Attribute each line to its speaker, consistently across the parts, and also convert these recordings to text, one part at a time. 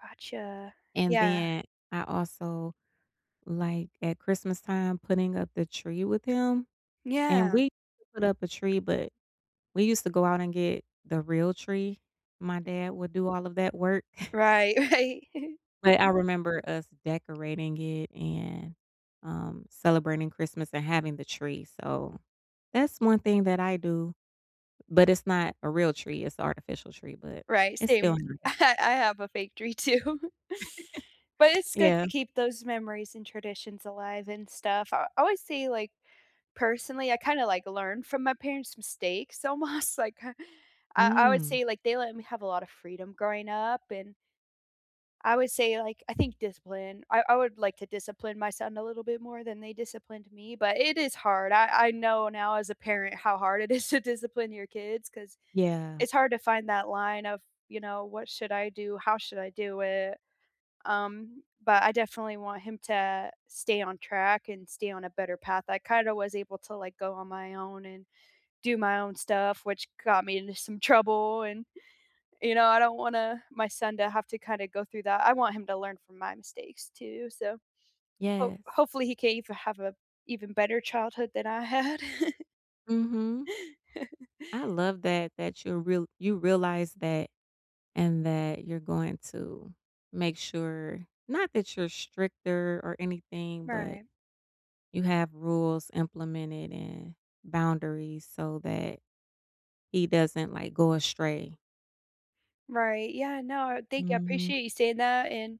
Speaker 1: Gotcha.
Speaker 2: And
Speaker 1: Yeah.
Speaker 2: then I also, like, at Christmas time, putting up the tree with him, and
Speaker 1: Yeah.
Speaker 2: we put up a tree, but we used to go out and get the real tree. My dad would do all of that work
Speaker 1: Right. Right.
Speaker 2: but I remember us decorating it, and, um, celebrating Christmas and having the tree, so that's 1 thing that I do, but it's not a real tree. It's artificial tree, but
Speaker 1: Right.
Speaker 2: it's
Speaker 1: Same.
Speaker 2: still nice.
Speaker 1: I I have a fake tree too but it's good to
Speaker 2: Yeah.
Speaker 1: keep those memories and traditions alive and stuff. I I always say, like, personally, I kinda like learn from my parents' mistakes almost. Like, k I I would
Speaker 2: Mm.
Speaker 1: say, like, they let me have a lot of freedom growing up, and I would say, like, I think discipline. I I would like to discipline my son a little bit more than they disciplined me, but it is hard. I I know now as a parent how hard it is to discipline your kids ‘cause
Speaker 2: Yeah.
Speaker 1: it's hard to find that line of, you know, "What should I do? How should I do it?" Um, but I definitely want him to stay on track and stay on a better path. I kind of was able to, like, go on my own and do my own stuff, which got me into some trouble, and, you know, I don't wanna my son to have to kind of go through that. I want him to learn from my mistakes too, so hope
Speaker 2: Yes.
Speaker 1: hopefully, he can even have a even better childhood than I had.
Speaker 2: Mhm. I love that that you're real you realize that, and that you're going to make sure not that you're stricter or anything, but
Speaker 1: Right.
Speaker 2: you have rules implemented and boundaries so that he doesn't, like, go astray.
Speaker 1: Right, yeah, no, thank you, I
Speaker 2: Mhm.
Speaker 1: appreciate you saying that, and,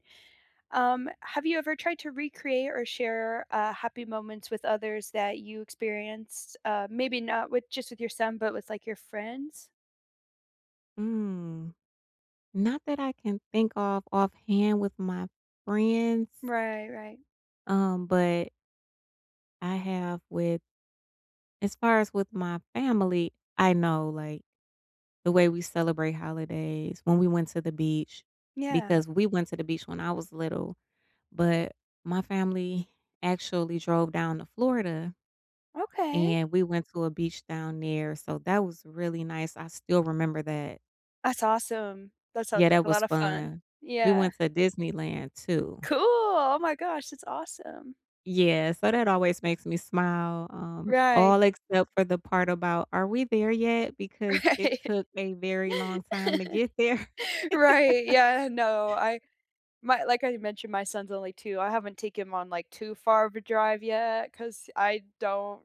Speaker 1: um, have you ever tried to recreate or share, uh, happy moments with others that you experienced? Uh, maybe not with just with your son, but with, like, your friends?
Speaker 2: Mm. Not that I can think of offhand with my friends
Speaker 1: Right, right.
Speaker 2: um, but I have with as far as with my family, I know, like, the way we celebrate holidays when we went to the beach
Speaker 1: Yeah.
Speaker 2: because we went to the beach when I was little, but my family actually drove down to Florida,
Speaker 1: Okay.
Speaker 2: and we went to a beach down there, so that was really nice. I still remember that
Speaker 1: That's awesome. That sounds
Speaker 2: yeah,
Speaker 1: like
Speaker 2: that
Speaker 1: a
Speaker 2: was
Speaker 1: lot of fun.
Speaker 2: fun, we
Speaker 1: Yeah.
Speaker 2: went to Disneyland too
Speaker 1: Cool! Oh my gosh. That's awesome.
Speaker 2: Yes, so that always makes me smile, um,
Speaker 1: Right.
Speaker 2: all except for the part about "are we there yet" because it
Speaker 1: Right.
Speaker 2: took a very long time to get there.
Speaker 1: Right, Yeah, no, I might like, I mentioned my son's only 2. I haven't taken him on, like, too far of a drive yet ‘cause I don't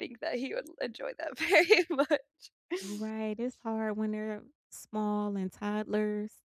Speaker 1: think that he would enjoy that very much.
Speaker 2: Right, it's hard when they're small and toddlers.